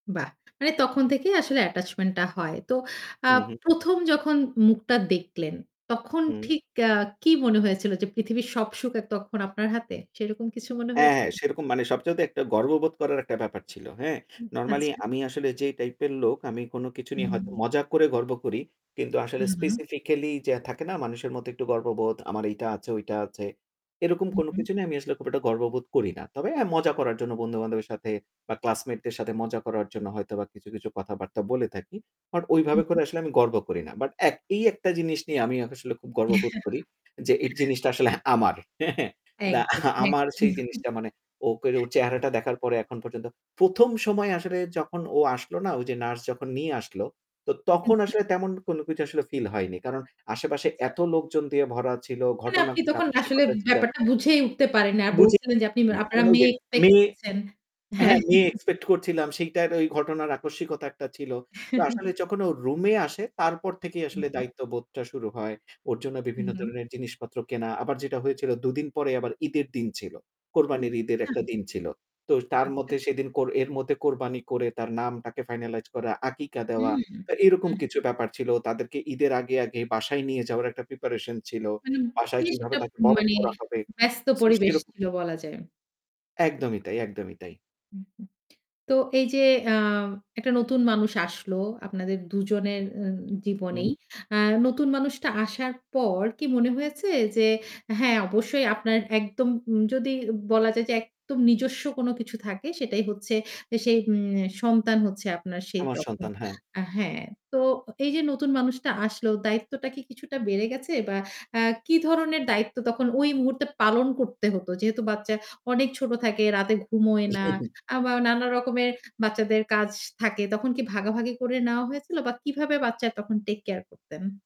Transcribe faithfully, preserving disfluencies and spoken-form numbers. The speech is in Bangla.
বাহ! মানে তখন থেকেই আসলে attachment টা হয়। তো আ উ হু। প্রথম যখন মুখটা দেখলেন, তখন হু। ঠিক অ্যা কি মনে হয়েছিল যে পৃথিবীর সব সুখের তখন আপনার হাতে? সেইরকম কিছু মনে হ্যাঁ, হ্যাঁ। হয়েছিল? সেরকম মানে সবচাইতে একটা গর্ববোধ করার একটা ব্যাপার ছিল, হ্যাঁ? হুম, নরমালি আচ্ছা। আমি আসলে যেই টাইপের লোক, আমি কোন কিছু নিয়ে হুম। হয়তো মজা করে গর্ব করি। কিন্তু আসলে হুম, হুম। specifically যে থাকে না মানুষের মধ্যে একটু গর্ববোধ, আমার এইটা আছে ওইটা আছে। এরকম হু, কোন হু। কিছু নিয়ে আমি আসলে খুব একটা গর্ববোধ করি না। তবে হ্যাঁ, মজা করার জন্য বন্ধুবান্ধবের সাথে বা ক্লাসমেট দের সাথে মজা করার জন্য হয়তো বা কিছু, কিছু কথাবার্তা বলে থাকি। বাট হু, ওইভাবে করে হু। আসলে আমি গর্ব করি না। বাট এক এই একটা জিনিস নিয়ে আমি আসলে খুব গর্ববোধ করি যে এর জিনিসটা আসলে আমার। হ্যাঁ, হ্যাঁ। দা একদম, একদম। আমার সেই জিনিসটা মানে ও করে ওর চেহারাটা দেখার পরে এখন পর্যন্ত প্রথম সময় আসলে যখন ও আসলো না? ওই যে নার্স যখন নিয়ে আসলো। তো হুম, তখন হুম। আসলে তেমন কোন কিছু আসলে ফিল হয়নি। কারণ আশেপাশে আচ্ছা। এত লোকজন দিয়ে ভরা ছিল, মানে ঘটনা আপনি যা তখন খুশি আসলে ঘটেছিলো। ব্যাপারটা বুঝে উঠতে পারেন নাই। বুঝে বলছিলেন যে উঠতে আপনি পারিনি। আপনারা কারণ ওই যে মেয়ে expect মেয়ে করছেন। হ্যাঁ। হ্যাঁ, মেয়ে expect করছিলাম। সেইটার ওই ঘটনার আকস্মিকতা একটা ছিল। তো আসলে যখন ও রুমে আসে, তারপর থেকেই হুম, আসলে হুম। দায়িত্ববোধটা শুরু হয়। ওর জন্য হুম, বিভিন্ন হুম। ধরনের জিনিসপত্র কেনা। আবার যেটা হয়েছিল দুদিন পরে আবার ঈদের দিন ছিল। কোরবানির ঈদের একটা আচ্ছা। দিন ছিল। তো তার আচ্ছা। মধ্যে সেদিন কোর এর মধ্যে কোরবানি করে, তার নামটাকে finalize করা, আকিকা দেওয়া। হুম, হুম। তো এরকম কিছু ব্যাপার ছিল। তাদেরকে ঈদের আগে, আগে বাসায় নিয়ে যাওয়ার একটা প্রিপারেশন ছিল। মানে বাসায় বেশ কিভাবে একটা তাকে বরণ মানে করা হবে। ব্যস্ত সো পরিবেশ সেইরক ছিল বলা যায়। একদমই তাই, একদমই তাই। হু, হু। তো এই যে অ্যা একটা নতুন মানুষ আসলো আপনাদের দুজনের উম জীবনেই। হুম। আ নতুন মানুষটা আসার পর কি মনে হয়েছে যে হ্যাঁ অবশ্যই আপনার একদম উম যদি বলা যায় যে একদম নিজস্ব কোন কিছু থাকে, সেটাই হচ্ছে যে সেই উম সন্তান হচ্ছে আপনার সেই আমার তখন, সন্তান, হ্যাঁ। আ হ্যাঁ। তো এই যে নতুন মানুষটা আসলো, দায়িত্বটা কি কিছুটা বেড়ে গেছে? বা আ কি ধরনের দায়িত্ব তখন ওই মুহূর্তে পালন করতে হত? যেহেতু বাচ্চা অনেক ছোট থাকে, রাতে ঘুমোয় না। আবা নানা রকমের বাচ্চাদের কাজ থাকে। তখন কি ভাগাভাগি করে নেওয়া হয়েছিল? বা কিভাবে বাচ্চার তখন take care করতেন?